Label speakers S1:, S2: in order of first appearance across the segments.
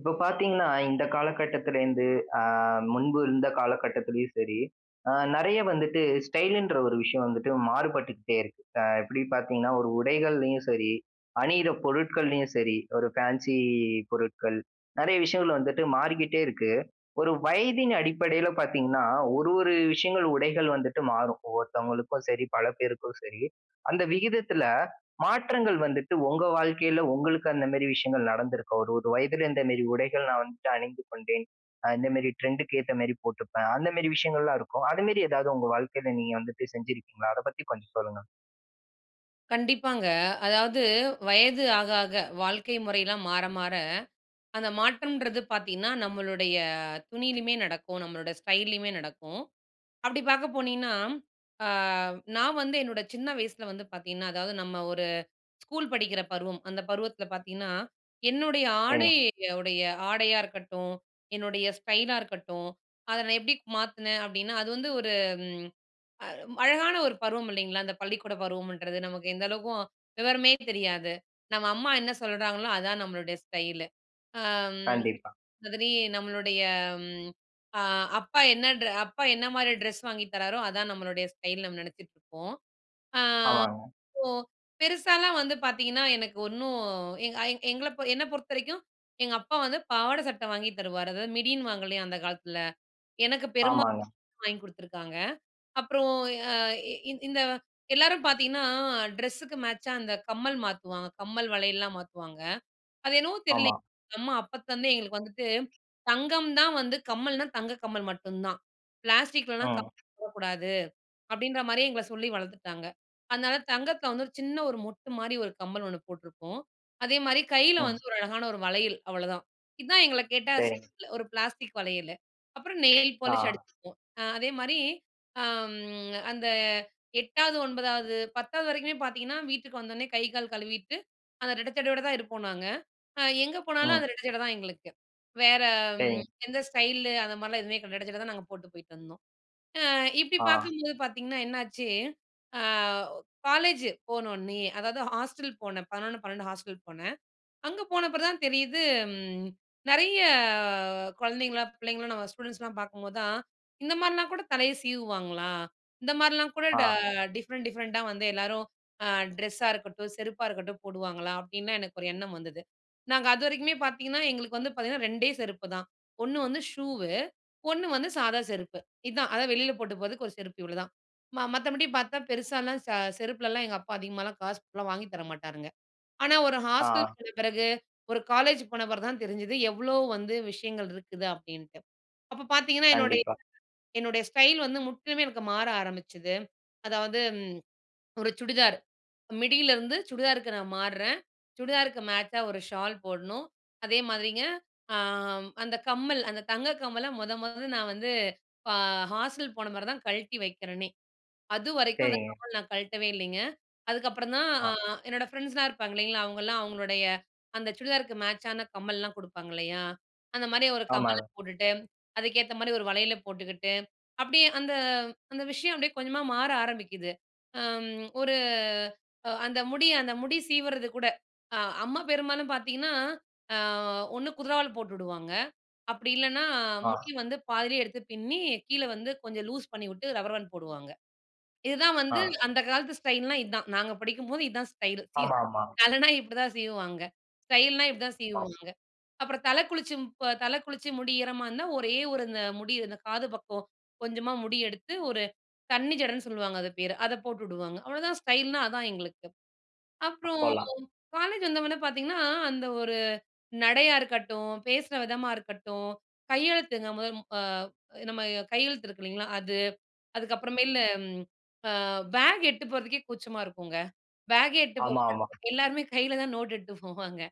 S1: இப்ப பாத்தீங்கன்னா, இந்த காலகட்டத்திலேருந்து அ முன்பு இருந்த காலகட்டத்திலும் சரி, அ நறைய வந்துட்டு ஸ்டைல்ன்ற ஒரு விஷயம் வந்துட்டு மாறுபட்டுக்கிட்டே இருக்கு. அ எப்பிடி பாத்தீங்கன்னா ஒரு உடைகள்லயும் சரி அணியிற பொருட்கள்லயும் சரி, ஒரு பேன்சி பொருட்கள் நறைய விஷயங்கள் வந்துட்டு மாறிக்கிட்டே இருக்கு. ஒரு வயதின் அடிப்படையில பார்த்தீங்கன்னா, ஒரு ஒரு விஷயங்கள் உடைகள் வந்துட்டு மாறும். ஒவ்வொருத்தவங்களுக்கும் சரி, பல பேருக்கும் சரி. அந்த விகிதத்தில மாற்றங்கள் வந்துட்டு உங்க வாழ்க்கையில உங்களுக்கு அந்த மாதிரி விஷயங்கள் நடந்திருக்கும். ஒரு ஒரு வயதில இந்த மாரி உடைகள் நான் வந்து அணிந்து கொண்டேன். அ இந்த மாதிரி ட்ரெண்ட்க்கு அந்த மரி போட்டுப்பேன். அந்த மரி விஷயங்கள்லாம் இருக்கும். அதுமரி எதாவது உங்க வாழ்க்கையில வந்துட்டு செஞ்சிருக்கீங்களா? அத பத்தி கொஞ்சம் சொல்லுங்க.
S2: கண்டிப்பாங்க. அதாவது வயது ஆக, ஆக வாழ்க்கை முறையிலாம் மாற, மாற அந்த மாற்றம்ன்றது பாத்தீங்கன்னா, நம்மளுடைய துணியிலேயுமே நடக்கும், நம்மளோட ஸ்டைல்லேயுமே நடக்கும். அப்பிடி பாக்க போனீங்கன்னா, அ நான் வந்து என்னோட சின்ன வயசுல வந்து பார்த்தீங்கன்னா, அதாவது நம்ம ஒரு ஸ்கூல் படிக்கிற பருவம் அந்த பருவத்துல பாத்தீங்கன்னா, என்னுடைய
S1: சரிங்க.
S2: ஆடைய உடைய ஆடையா இருக்கட்டும். என்னுடைய ஸ்டைலா இருக்கட்டும். அத நான் எப்பிடி மாத்துனேன் அப்பிடின்னா, அது வந்து ஒரு அ அழகான ஒரு பருவம் இல்லைங்களா! அந்த பள்ளிக்கூடப் பருவம்ன்றது நமக்கு எந்த அளவுக்கும் விவரமே தெரியாது, நம்ம அம்மா என்ன சொல்றாங்களோ! அதான் நம்மளுடைய ஸ்டைலு. அம்
S1: கண்டிப்பா.
S2: அதுலே நம்மளுடைய அ அப்பா என்ன ட்ர அப்பா என்னமாரி ட்ரெஸ் வாங்கி தராரோ! அதான் நம்மளுடைய ஸ்டைல் நம்ம நினச்சிட்டுருப்போம். அ
S1: ஆமாங்க.
S2: சோ பெருசாலாம் வந்து பாத்தீங்கன்னா எனக்கு ஒண்ணு எங்க எங்கள என்ன பொறுத்த வரைக்கும் எங்க அப்பா வந்து பாவாடை, சட்டை வாங்கி தருவாரு. அதாவது மிடின்னு வாங்கலையா! அந்த காலத்துல. எனக்கு பெருமா
S1: ஆமாங்க.
S2: [unintelligible] வாங்கி கொடுத்துருக்காங்க. அப்புறம் அ இ இந்த எல்லாரும் பாத்தீங்கன்னா, ட்ரெஸுக்கு மேட்சா அந்த கம்மல் மாத்துவாங்க, கம்மல் வளையல்லலாம் மாத்துவாங்க. அது என்னவோ
S1: ஆமா.
S2: தெரியலங்க. அம்மா அப்பத்துலருந்தே எங்களுக்கு வந்துட்டு தங்கம் தான் வந்து கம்மல்னா தங்க கம்மல் மட்டும் தான். பிளாஸ்டிக்லலாம்
S1: ம்.
S2: கம்மல் போடக்கூடாது. அப்பிடின்ற மாரியே எங்கள சொல்லி வளர்த்துட்டாங்க. அதனால தங்கத்தில வந்து ஒரு சின்ன ஒரு மொட்டுமாரி ஒரு கம்மல் ஒண்ணு போட்டிருப்போம். அதேமாதிரி கையில
S1: ம்.
S2: வந்து ஒரு அழகான ஒரு வளையல் அவளதான். இதுதான் எங்கள கேட்டா ஸ்
S1: சரி.
S2: ஒரு பிளாஸ்டிக் வளையலு. அப்புறம் நெயில் பாலிஷ்
S1: ஆ.
S2: அடிச்சுப்போம். அ அதேமாதிரி அம் அந்த 8 வது, 9 வது, 1௦ வது வரைக்குமே பாத்தீங்கன்னா, வீட்டுக்கு வந்தோனே கை, கால் கழுவிட்டு அந்த ரெட்ட சடையோட தான் இருப்போம் நாங்க. அ எங்க போனாலும்
S1: ம்.
S2: அந்த ரெட்ட சடை தான் எங்களுக்கு. வேற
S1: சரி.
S2: ம் எந்த ஸ்டைல் அந்தமாரிலாம் எதுவுமே இரட்ட சடை தான் நாங்க போட்டு போயிட்டு வந்தோம். அ இப்பிடி
S1: ஆ.
S2: பார்க்கும்போது பார்த்தீங்கன்னா என்னாச்சு. அ காலேஜ் போன உடனயே, அதாவது ஹாஸ்டல் போனேன். 11, 12 ஹாஸ்டல் போனேன். அங்க போனப் பிறகு தான் தெரியுது ம் நிறைய குழந்தைங்கள்லாம் பிள்ளைங்கள்லாம் நம்ம ஸ்டூடண்ட்ஸ்லாம் பார்க்கும்போது தான், இந்த மாரிலாம் கூட தலையை சீவுவாங்களா? இந்த மாரிலாம் கூட ட
S1: ஆ.
S2: டிஃப்ரெண்ட், டிஃப்ரெண்ட்டா வந்து எல்லாரும் அ ட்ரெஸ்ஸா இருக்கட்டும். செருப்பா இருக்கட்டும் போடுவாங்களா? அப்பிடின்லாம் எனக்கு ஒரு எண்ணம் வந்தது. நாங்க அதுவரைக்குமே பாத்தீங்கன்னா, எங்களுக்கு வந்து பாத்தீங்கன்னா 2 டே செருப்பு தான். ஒண்ணு வந்து ஷூவ்வு, ஒண்ணு வந்து சாதா செருப்பு. இதுதான் அதாவது வெளியில போட்டு போறதுக்கு ஒரு செருப்பு இவளதான். ம மத்தபடி பார்த்தா பெருசாலாம் ஸ செருப்புலலாம் எங்க அப்பா அதிகமாகலாம் காசுலாம் வாங்கி தர மாட்டாருங்க. ஆனா ஒரு ஹாஸ்டல்
S1: ஆ.
S2: போன பிறகு ஒரு காலேஜ் போன பிறகு தான் தெரிஞ்சுது எவ்ளோ வந்து விஷயங்கள் இருக்குது? அப்பிடின்ட்டு. அப்போ பாத்தீங்கன்னா, என்னுடைய,
S1: கண்டிப்பா.
S2: என்னுடைய ஸ்டைல் வந்து முற்றிலுமே எனக்கு மாற ஆரம்பிச்சுது. அதாவது ஒரு சுடிதார் மிடியலிருந்து சுடிதாருக்கு நான் மார்றேன். சுடிதாருக்கு மேட்சா ஒரு ஷால் போட்ணும். அதேமாதிரிங்க அ அந்த கம்மல் அந்த தங்க கம்மல மொத, மொத நான் வந்து அ ஹாஸ்டல் போன பிறகு தான் கழட்டி வைக்கிறேனே! அதுவரைக்கும் அந்த
S1: சரிங்க.
S2: கம்மல் நான் கழட்டவே இல்லேங்க. அதுக்கப்புறம் தான்
S1: ஆ.
S2: அ என்னோடய ஃப்ரெண்ட்ஸ்லாம் இருப்பாங்க இல்லேங்களா! அவங்கலாம் அவுங்களுடைய அந்த சுடிதாருக்கு மேட்சான கம்மல்லாம் குடுப்பாங்க இல்லயா! அந்த மாரி ஒரு
S1: ஆமா.
S2: கம்மல் போட்டுட்டு, அதுக்கேத்தமாரி ஒரு வளையல் போட்டுக்கிட்டு அப்பிடியே அந்த, அந்த விஷயம் அப்பிடியே கொஞ்சமா மாற ஆரம்பிக்குது. அம் ஒரு அ அந்த முடி அந்த முடி சீவுறது கூட. அ அம்மா பெரும்பாலும் பாத்தீங்கன்னா, அ ஒண்ணு குதிரவால் போட்டுவிடுவாங்க. அப்பிடி இல்லன்னா முடி
S1: ஆ.
S2: வந்து பாதியிலே எடுத்து பின்னி கீழே வந்து கொஞ்சம் லூஸ் பண்ணிவுட்டு ரப்பர் பேண்டு போடுவாங்க. இதுதான் வந்து
S1: ஆ.
S2: அந்த காலத்து ஸ்டைல் னா இதுதான். நாங்க படிக்கும்போது இதுதான் ஸ்டைலு. இ
S1: ஆமா, ஆமா.
S2: தலன்னா இப்பிடிதான் சீவுவாங்க ஸ்டைல்னா இப்பிடிதான் சீவு
S1: [unintelligible]
S2: வாங்க. அப்பறம் தலை குளிச்சு தலை குளிச்சு முடி ஈரமா இருந்தா ஒரே ஒரு இந்த முடி இந்த காது பக்கம் கொஞ்சமா முடி எடுத்து ஒரு தண்ணி ஜடன்னு சொல்லுவாங்க அது பேர, அத போட்டு உடுவாங்க. அவளதான் ஸ்டைல்ன்னா அதான் எங்களுக்கு. அப்புறம்
S1: அப்போலாம்.
S2: காலேஜ் வந்தவுனே பாத்தீங்கன்னா, அந்த ஒரு நடையா இருக்கட்டும், பேசுற விதமா இருக்கட்டும், கையெழுத்துங்க முதல் அ நம்ம கையெழுத்து இருக்கு இல்லேங்களா! அது. அதுக்கப்புறமேலு அம் அ பேக் எடுத்துட்டு போறதுக்கே கூச்சமா இருக்குங்க. பேக்கே எடுத்துட்டு
S1: ஆமா, ஆமா.
S2: [unintelligible] எல்லாருமே கையில தான் நோட் எடுத்துட்டு போவாங்க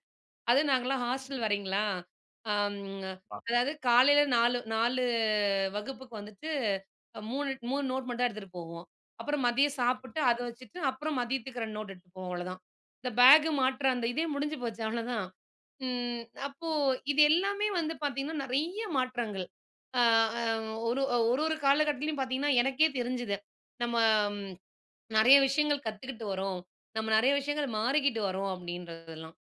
S2: அதுவும் நாங்கள்லாம் ஹாஸ்டல் வேறங்களா! அம்
S1: அ.
S2: அதாவது காலையில 4, 4 வகுப்புக்கு வந்துட்டு அ 3, 3 நோட் மட்டும் எடுத்துட்டு போவோம். அப்புறம் மதியம் சாப்பிட்டு அத வச்சுட்டு அப்புறம் மதியத்துக்கு 2 நோட் எடுத்துட்டு போவோம். அவ்ளதான். இந்த பேக் மாற்ற அந்த இதே முடிஞ்சு போச்சு. அவ்ளதான். ம் அப்போ இது எல்லாமே வந்து பாத்தீங்கன்னா நிறைய மாற்றங்கள் அ ஒரு ஒரு ஒரு காலகட்டத்திலேயும் பார்த்தீங்கன்னா, எனக்கே தெரிஞ்சுது. நம்ம நிறைய விஷயங்கள் கத்துக்கிட்டு வரோம். நம்ம நிறைய விஷயங்கள் மாறிக்கிட்டு வரோம். அப்பிடின்றதெல்லாம்.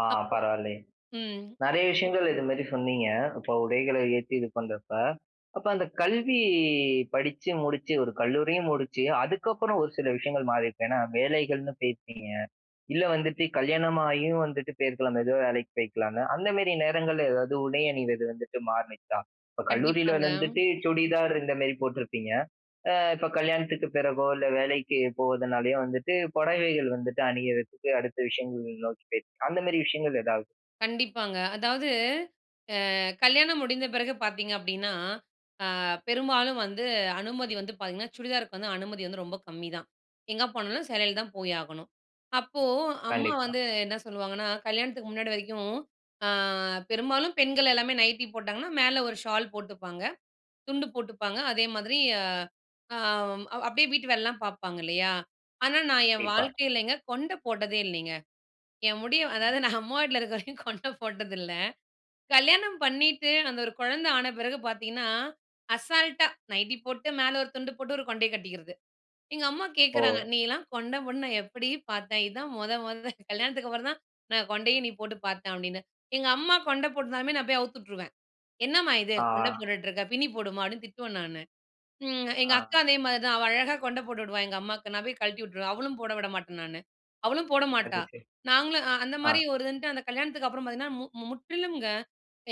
S1: ஆ
S2: அப்றோ
S1: பரவால்லையே.
S2: ம்.
S1: நெறைய விஷயங்கள் இது மாரி சொன்னீங்க. இப்ப உடைகளை ஏத்தி இது பண்ணறப்ப. அப்ப அந்த கல்வி படிச்சு முடிச்சு, ஒரு கல்லூரியும் முடிச்சு அதுக்கப்புறம் ஒரு சில விஷயங்கள் மாறிருக்கும். ஏன்னா வேலைகள்ன்னு போயிருப்பீங்க, இல்ல வந்துட்டு கல்யாணமாகியும் வந்துட்டு போயிருக்கலாம். அந்த எதோ வேலைக்கு போயிருக்கலாம்ல. அந்த மேரி நேரங்கள்ல எதாவது உடை அணிந்தது வந்துட்டு மாறுனுச்சா? இப்ப கல்லூரியில
S2: கண்டிப்பாங்க.
S1: வந்துட்டு சுடிதார் இந்த மேரி போட்டுருப்பீங்க. அ இப்ப கல்யாணத்துக்கு பிறகோ, இல்ல வேலைக்கு போறதுனாலயோ வந்துட்டு, புடவைகள் வந்துட்டு அணியரதுக்கு அடுத்த விஷயங்கள் நோக்கி போய் அந்த மேரி விஷயங்கள் எதாவது?
S2: கண்டிப்பாங்க. அதாவது அ கல்யாணம் முடிந்த பிறகு பார்த்தீங்க அப்படீன்னா, ஆ பெரும்பாலும் வந்து அனுமதி வந்து பாத்தீங்கன்னா, சுடிதாருக்கு வந்து அனுமதி வந்து ரொம்ப கம்மிதான். எங்க போனாலும் சேலையில தான் போய் ஆகணும். அப்போ அம்மா
S1: கண்டிப்பா.
S2: வந்து என்ன சொல்லுவாங்கன்னா கல்யாணத்துக்கு முன்னாடி வரைக்கும் ஆ பெரும்பாலும் பெண்கள் எல்லாமே நைட்டீ போட்டாங்கன்னா மேல ஒரு ஷால் போட்டுப்பாங்க, துண்டு போட்டுப்பாங்க. அதே மாதிரி அம் அப்படியே வீட்டு வேலைலாம் பார்ப்பாங்க இல்லையா? ஆனா நான் என்
S1: கண்டிப்பா.
S2: வாழ்க்கையிலங்க கொண்ட போட்டதே இல்லைங்க. என் முடிய
S1: ம்.
S2: அதாவது நா அம்மா வீட்ல இருக்க வரைக்கும் கொண்ட போட்டதில்ல. கல்யாணம் பண்ணீட்டு அந்த ஒரு குழந்த ஆன பிறகு பார்த்தீங்கன்னா, அசால்ட்டா நைட்டி போட்டு, மேல 1 துண்டு போட்டு, ஒரு கொண்டைய கட்டிக்கிறது. எங்க அம்மா கேட்கறாங்க,
S1: ஓ!
S2: "நீயல்லாம் கொண்ட போட்டு நா எப்படி பார்த்தேன்? இதான் மொத மொத. கல்யாணத்துக்கு அப்பறம் தான் நா கொண்டையே நீ போட்டு பார்த்தேன்." அப்படீன்னு. எங்க அம்மா கொண்ட போட்டிருந்தாலுமே நா போய் அவுத்து உட்ருவேன். "என்னம்மா இது கொண்ட
S1: ஆ.
S2: போட்டுட்ருக்க? பின்னி போடுமா." அப்படீன்னு திட்டுவேன் நானு. ம்
S1: ஆ.
S2: எங்கக்கா அதே மாரி தான், அவ அழகா கொண்ட போட்டு விடுவா எங்க அம்மாக்கு, நா போய் கழட்டி வுட்ருவேன். அவளும் போட விட மாட்டேன் நானு. அவளும்
S1: அது
S2: போடமாட்டா.
S1: சரி.
S2: நாங்களும் அ அந்த
S1: ஆ.
S2: மாரி ஒரு இருன்ட்டு அந்த கல்யாணத்துக்கு அப்புறம் பார்த்தீங்கன்னா, மு முற்றிலும்ங்க.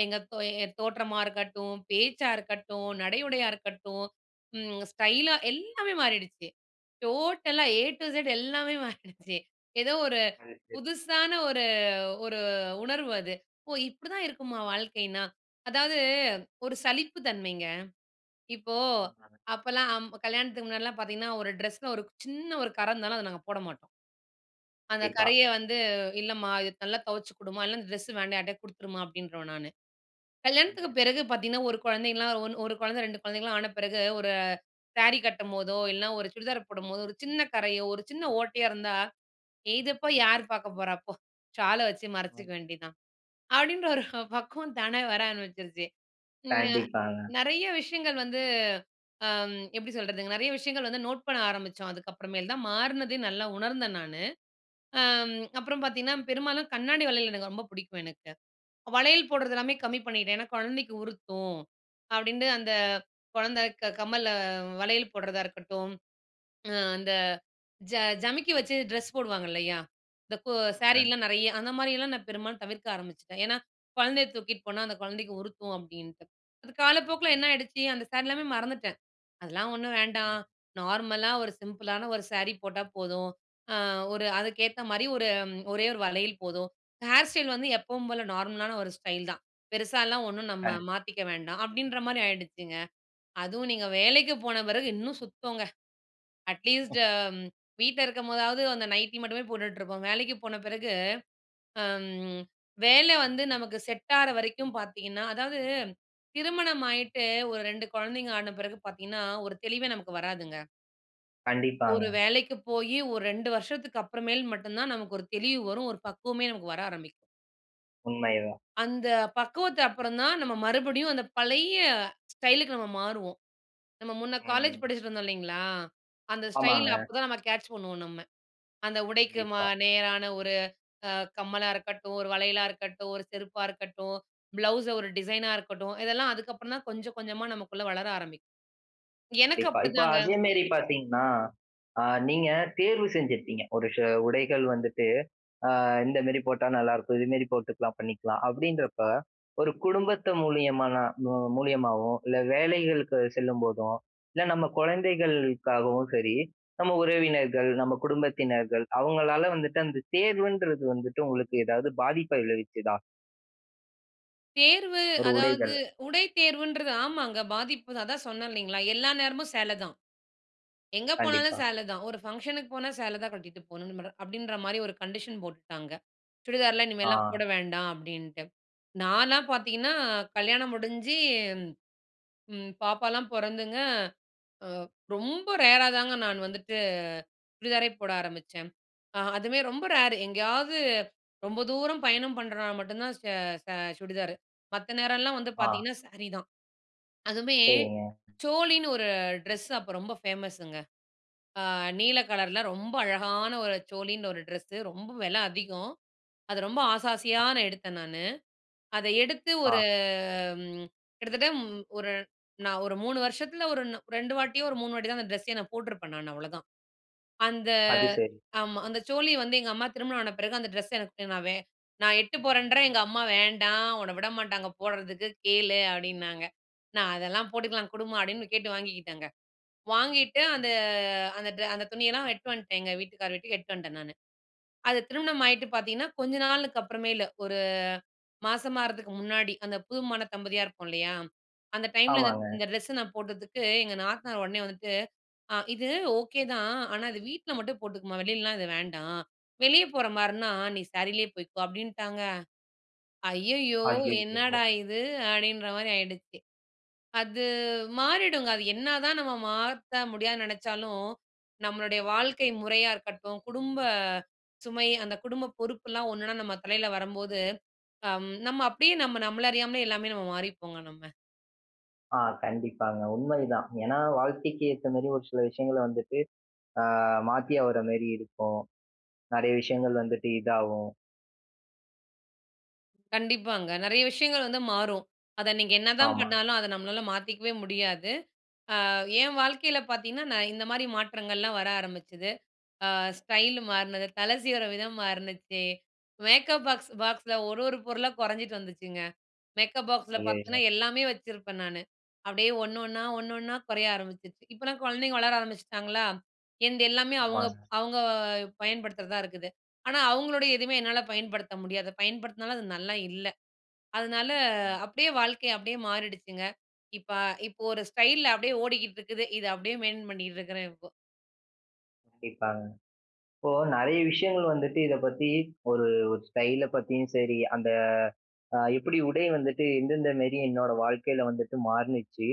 S2: எங்க தோ என் தோற்றமா இருக்கட்டும், பேச்சா இருக்கட்டும், நடை உடையா இருக்கட்டும், ம் ஸ்டைலா எல்லாமே மாறிடுச்சு. டோட்டலா 'ஏ டூ இசட்' எல்லாமே மாறிடுச்சு. ஏதோ ஒரு
S1: அது சரி.
S2: புதுசான ஒரு ஒரு உணர்வு அது. "ஓ! இப்படி தான் இருக்குமா வாழ்க்கைன்னா?". அதாவது ஒரு சலிப்பு தன்மைங்க. இப்போ
S1: ம். ஆமாங்க.
S2: அப்பல்லாம் கல்யாணத்துக்கு முன்னாடில்லாம் பார்த்தீங்கன்னா, ஒரு ட்ரெஸ்ல ஒரு க் சின்ன ஒரு கற இருந்தாலும் அத நாங்க போட மாட்டோம். அந்த
S1: கண்டிப்பா.
S2: கறைய வந்து, "இல்லம்மா. இது நல்லா தொவச்சு குடும்மா, இல்ல அந்த ட்ரெஸ்ஸு வேண்டாம். யார்ட்டயாவது குடுத்துருமா." அப்படீன்றுவேன் நானு. கல்யாணத்துக்கு
S1: [unintelligible]
S2: பிறகு பார்த்தீங்கன்னா, ஒரு குழந்தைன்லாம் ஒன் 1 குழந்தை 2 குழந்தைங்கல்லாம் ஆன பிறகு, ஒரு சேரி கட்டும்போதோ, இல்லன்னா ஒரு சுடிதார் போடும்போதோ ஒரு சின்ன கறையோ, ஒரு சின்ன ஓட்டையோ இருந்தா, "இதப்போய் யார் பார்க்க போறா போ? சால வச்சு மறைச்சுக்க
S1: ஆம்.
S2: வேண்டியது தான்." அப்படீன்ற ஒரு பக்குவம் தானா வர ஆரம்பிச்சுருச்சு. ம். அ
S1: கண்டிப்பாங்க.
S2: நெறைய விஷயங்கள் வந்து அம் எப்படி சொல்றதுங்க? நெறைய விஷயங்கள் வந்து நோட் பண்ண ஆரம்பிச்சோம். அதுக்கப்புறமேல் தான் மாறுனதே நல்லா உணர்ந்தேன் நானு. ஆம் அப்பறம் பார்த்தீங்கன்னா, பெரும்பாலும் கண்ணாடி வளையல் எனக்கு ரொம்ப புடிக்கும் எனக்கு. வளையல் போட்றது எல்லாமே
S1: [unintelligible]
S2: கம்மி பண்ணிட்டேன். ஏன்னா, "கொழந்தைக்கு உறுத்தும்." அப்படீன்ட்டு அந்த
S1: ஆமா.
S2: கொழந்த க கம்மல, வளையல் போடுறதா இருக்கட்டும், ம் அந்த ஜ ஜமிக்கி வச்சு ட்ரெஸ் போடுவாங்க இல்லையா? இந்த கோ
S1: ஆமாங்க.
S2: சாரீலாம் நெறைய, அந்த மாரியல்லாம் நா பெரும்பாலும் தவிர்க்க ஆரம்பிச்சுட்டேன். ஏன்னா, "கொழந்தைய தூக்கிட்டு போனா, அந்த கொழந்தைக்கு உறுத்தும்" அப்படீன்ட்டு. அது காலப்போக்கில
S1: ஆ.
S2: என்ன ஆயிடுச்சு? "அந்த சாரி எல்லாமே மறந்துட்டேன். அதெல்லாம் ஒண்ணு வேண்டாம்.
S1: ம்.
S2: நார்மலா ஒரு சிம்பிளான ஒரு சேரி போட்டா போதும். ஆ ஒரு அதுக்கேத்த மாரி ஒரு, ஒரே ஒரு வளையல் போதும். ஹேர் ஸ்டைல் வந்து எப்பவும் போல நார்மலான ஒரு ஸ்டைல் தான். பெருசாலாம் ஒண்ணு நம்ம
S1: கண்
S2: மாத்திக்க வேண்டாம்." அப்படீன்ற மாரி ஆயிடுச்சுங்க. அதுவும் நீங்க
S1: ம்.
S2: வேலைக்கு போன பிறகு இன்னும் சுத்தம்ங்க. அட்லீஸ்ட் வீட்ல இருக்கும்போதாவது, அந்த நைட்டி மட்டுமே போட்டுட்ருப்போம். வேலைக்கு போன பிறகு, அம் வேல வந்து நமக்கு செட் ஆற வரைக்கும் பார்த்தீங்கன்னா அதாவது திருமணம் ஆயிட்டு ஒரு 2 கொழந்தைங்க ஆன பிறகு பார்த்தீங்கன்னா, ஒரு தெளிவே நமக்கு வராதுங்க.
S1: கண்டிப்பாங்க.
S2: ஒரு வேலைக்கு போயி, ஒரு 2 வருஷத்துக்கு அப்புறமேல் மட்டும் தான், நமக்கு ஒரு தெளிவு வரும். ஒரு பக்குவமே நமக்கு வர ஆரம்பிக்கும்.
S1: உண்மைதான்.
S2: அந்த பக்குவத்துக்கு அப்புறம்தான், நம்ம மறுபடியும் அந்த பழைய ஸ்டைலுக்கு நம்ம மாறுவோம். நம்ம முன்ன காலேஜ்
S1: ம்.
S2: படிச்சிட்டுருந்தோம் இல்லைங்களா? அந்த ஸ்டைல்
S1: ஆமாங்க.
S2: அப்போதான் நம்ம கேட்ச் பண்ணுவோம். நம்ம அந்த உடைக்கு ம
S1: கண்டிப்பா.
S2: நேரான ஒரு அ கம்மலா இருக்கட்டும், ஒரு வளையலா இருக்கட்டும், ஒரு செருப்பா இருக்கட்டும், ப்ளவுஸ் ஒரு டிசைனா இருக்கட்டும். இதெல்லாம் அதுக்கப்புறம்தான் கொஞ்சம், கொஞ்சமா, நமக்குள்ள வளர ஆரம்பிக்கும். எனக்கு
S1: கண்டிப்பா. இப்ப
S2: அப்படித்தாங்க.
S1: அதே மாதிரி பாத்தீங்கன்னா, அ நீங்க தேர்வு செஞ்சுருப்பீங்க. ஒரு செ உடைகள் வந்துட்டு, "இந்த மாதிரி போட்டா நல்லாருக்கும். இது மாதிரி போட்டுக்கலாம், பண்ணிக்கலாம்." அப்படின்றப்ப, ஒரு குடும்பத்து மூலியமானா மு மு மூலியமாவோ, இல்ல வேலைகளுக்கு செல்லும்போதோ, இல்ல நம்ம குழந்தைகளுக்காகவும் சரி, நம்ம உறவினர்கள், நம்ம குடும்பத்தினர்கள் அவங்களால வந்துட்டு, அந்த தேர்வுன்றது வந்துட்டு உங்களுக்கு எதாவது பாதிப்பை விளைவிச்சதா?
S2: தேர்வு,
S1: ஒரு
S2: அதாவது
S1: உடைகள்.
S2: உடை தேர்வுன்றது ஆமாங்க, பாதிப்புதான். அதான், சொன்னேன் இல்லைங்களா? எல்லா நேரமும் சேலைதான். எங்க போனாலும்
S1: கண்டிப்பா.
S2: சேலைதான். ஒரு ஃபங்க்ஷனுக்கு போனா, சேலைதான் கட்டிட்டு போணும்னு மேடம் அப்படின்ற மாதிரி ஒரு கண்டிஷன் போட்டுட்டாங்க. சுடிதார்லாம், இனிமேல்லாம்
S1: ஆ.
S2: போட வேண்டாம், அப்படின்ட்டு. நான்லாம் பாத்தீங்கன்னா, கல்யாணம் முடிஞ்சு, ம், பாப்பாலாம் பொறந்துங்க, ரொம்ப ரேரா தாங்க, நான் வந்துட்டு சுடிதாரே போட ஆரம்பிச்சேன். அ அதுவுமே ரொம்ப ரேரு. எங்கேயாவது ரொம்ப தூரம் பயணம் பண்றனா மட்டுந்தான், சே சே சுடிதாரு. மத்த நேரல்லாம் வந்து
S1: ஆ.
S2: பாத்தீங்கன்னா, சாரி தான். அதுவுமே,
S1: சரிங்க.
S2: சோலின்னு ஒரு ட்ரெஸ், அப்ப ரொம்ப ஃபேமஸ்ஸுங்க. நீல கலர்ல ரொம்ப அழகான ஒரு சோலின்னு ஒரு ட்ரெஸ்ஸு. ரொம்ப வெல அதிகம். அத ரொம்ப ஆச, ஆசையா
S1: அ.
S2: நான் எடுத்தேன் நானு. அத எடுத்து ஒரு
S1: ஆ.
S2: கிட்டத்தட்ட, ஒரு நான் ஒரு நான் 3 வருஷத்துல, ஒரு 2 வாட்டியோ, ஒரு 3 வாட்டிதான் அந்த ட்ரெஸ்ஸயே நான் போட்ருப்பேன் நானு. அவ்வளோதான். அந்த
S1: அது, சரி.
S2: ஆமா. அந்த சோலி வந்து, எங்க அம்மா திருமணம் ஆன பிறகு, அந்த ட்ரெஸ்ஸ எனக்கு, நான் வே நான் எடுத்துட்டு போறேன்றேன். எங்க அம்மா, "வேண்டாம். உன்ன விடமாட்டாங்க போடுறதுக்கு. கேளு." அப்படின்னாங்க. நா, அதெல்லாம் போட்டுக்கலாம் குடுமா அப்படின்னு கேட்டு வாங்கிக்கிட்டேங்க. வாங்கிட்டு அந்த அந்த ட்ரெ அந்த துணியெல்லாம் எடுத்துட்டு வந்துட்டேங்க. வீட்டுக்காரர் வீட்டுக்கு எடுத்துட்டு வந்துட்டேன் நானு. அது திருமணம் ஆயிட்டு பாத்தீங்கன்னா, கொஞ்ச நாளுக்கு அப்புறம்தான். ஒரு மாசமா ஆகிறதுக்கு முன்னாடி. அந்த புது மண தம்பதியா இருப்போம் இல்லையா? அந்த டைம்ல, இந்த
S1: ஆமாங்க.
S2: இந்த ட்ரெஸ்ஸ நான் போட்டதுக்கு, எங்க நாத்தனார் உடனே வந்துட்டு, "இது ஓகேதான். ஆனா, இது வீட்ல மட்டும் போட்டுக்கமா. வெளிலலாம் இது வேண்டாம். வெளியே போற மாதிரின்னா, நீ சாரீலேயே போய்க்கோ." அப்படின்ட்டாங்க. ஐயயோ! என்னடா
S1: அய்யயோ!
S2: இது? அப்படின்ற மாதிரி ஆகிடுச்சு. அது மாறிடுங்க. அது என்னதா நம்ம மாத்த முடியாதுன்னு நினச்சாலும், நம்மளுடைய வாழ்க்கை முறையா இருக்கட்டும், குடும்ப சுமை, அந்த குடும்ப பொறுப்புலாம் ஒன்னொன்னா நம்ம தலையில வரும்போது, ம், நம்ம அப்படியே நம்ம நம்மள அறியாமலே எல்லாமே நம்ம மாறிப்போங்க. நம்ம.
S1: ஆ. கண்டிப்பாங்க. உண்மை இது தான். ஏன்னா, வாழ்க்கைக்கு ஏத்தமாரி ஒரு சில விஷயங்கள வந்துட்டு, ஆ மாத்தி ஆவுற மாரி இருக்கும். நெறைய விஷயங்கள் வந்துட்டு இதாவும்.
S2: கண்டிப்பாங்க. நெறைய விஷயங்கள் வந்து மாறும். அத நீங்க என்னதான்
S1: ஆமா.
S2: பண்ணாலும் அத நம்மனால மாத்திக்கவே முடியாது. ஆ ஏன் வாழ்க்கையில பார்த்தீங்கன்னா, நான் இந்தமாரி மாற்றங்கள்லாம் வர ஆரம்பிச்சுது. அ ஸ்டைல் மாறுனது. தலை சீவிற விதம் மாறுனுச்சி. மேக்கப் பாக்ஸ் பாக்ஸ்ல ஒரு ஒரு பொருளா குறைஞ்சிட்டு வந்துச்சுங்க. மேக்கப் பாக்ஸ்ல பாத்தின்னா,
S1: [unintelligible]
S2: எல்லாமே வச்சிருப்பேன் நானு. அப்பிடியே ஒண்ணு ஒண்ணா ஒண்ணு ஒண்ணா குறைய ஆரம்பிச்சுருச்சு. இப்பலாம் குழந்தைங்க வளர ஆரம்பிச்சிட்டாங்களா! என்து எல்லாமே அவுங்க
S1: ஆமாங்க.
S2: அவுங்க பயன்படுத்துறதா இருக்குது. ஆனா, அவுங்களுடைய எதுமே என்னால பயன்படுத்த முடியாது. பயன்படுத்துனாலும், அது நல்லா இல்ல. அதனால
S1: ம்.
S2: அப்பிடியே வாழ்க்கை அப்பிடியே மாறிடுச்சுங்க. இப்ப இப்ப ஒரு ஸ்டைல்ல அப்பிடியே ஓடிக்கிட்டு இருக்குது. இது அப்பிடியே மெயின்டென் பண்ணிக்கிட்டு இருக்கிறேன், இப்போ.
S1: கண்டிப்பாங்க. இப்போ நிறைய விஷயங்கள் வந்துட்டு இத பத்தி, ஒரு ஒரு ஸ்டைல்ல பத்தியும் சரி, அந்த அ எப்பிடி உடை வந்துட்டு எந்தெந்த மாரி என்னோட வாழ்க்கையில வந்துட்டு மாறினுச்சு,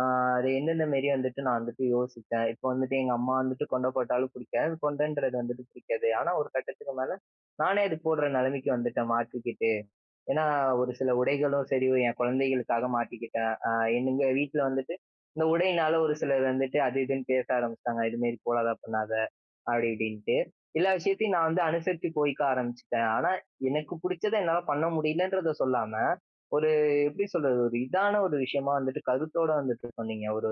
S1: ஆ அது எந்தெந்த மாரி வந்துட்டு, நான் வந்துட்டு யோசிச்சேன். இப்போ வந்துட்டு எங்க அம்மா வந்துட்டு கொண்ட போட்டாலும் பிடிக்காது. கொன்டன்றது வந்துட்டு பிடிக்காது. ஆனா, ஒரு கட்டத்துக்கு மேல நானே அது போட்ற நிலைமைக்கு வந்துட்டேன், மாத்திக்கிட்டு. ஏன்னா, ஒரு சில உடைகளும் சரி, என் குழந்தைகளுக்காக மாட்டிக்கிட்டேன். ஆ எங்க வீட்ல வந்துட்டு இந்த உடைனால ஒரு சிலர் வந்துட்டு, அது இதுன்னு பேச ஆரம்பிச்சிட்டாங்க. "இதுமாரி போடாத! பண்ணாத!" அப்பிடி இப்பிடின்ட்டு. எல்லா விஷயத்தையும் நான் வந்து அனுசருச்சு போயிக்க ஆரம்பிச்சுட்டேன். ஆனா, எனக்கு பிடிச்சத என்னால பண்ண முடியலன்றத சொல்லாம, ஒரு எப்பிடி சொல்றது, ஒரு இதான ஒரு விஷயமா வந்துட்டு கருத்தோடு வந்துட்டு சொன்னீங்க. ஒரு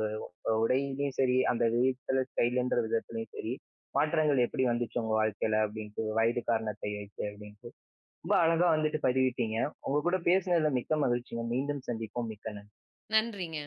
S1: அ உடையிலேயும் சரி, அந்த [unintelligible] ஸ்டைலுன்ற விதத்திலயும் சரி, மாற்றங்கள் எப்பிடி வந்துச்சு உங்க வாழ்க்கையில. அப்பிடின்ட்டு வயது காரணத்தை வைத்து அப்பிடின்ட்டு. ரொம்ப அழகா வந்துட்டு பதிவிட்டீங்க. உங்க கூட பேசுனதுல மிக்க மகிழ்ச்சிங்க. மீண்டும் சந்திப்போம். மிக்க நன்றி.
S2: நன்றிங்க.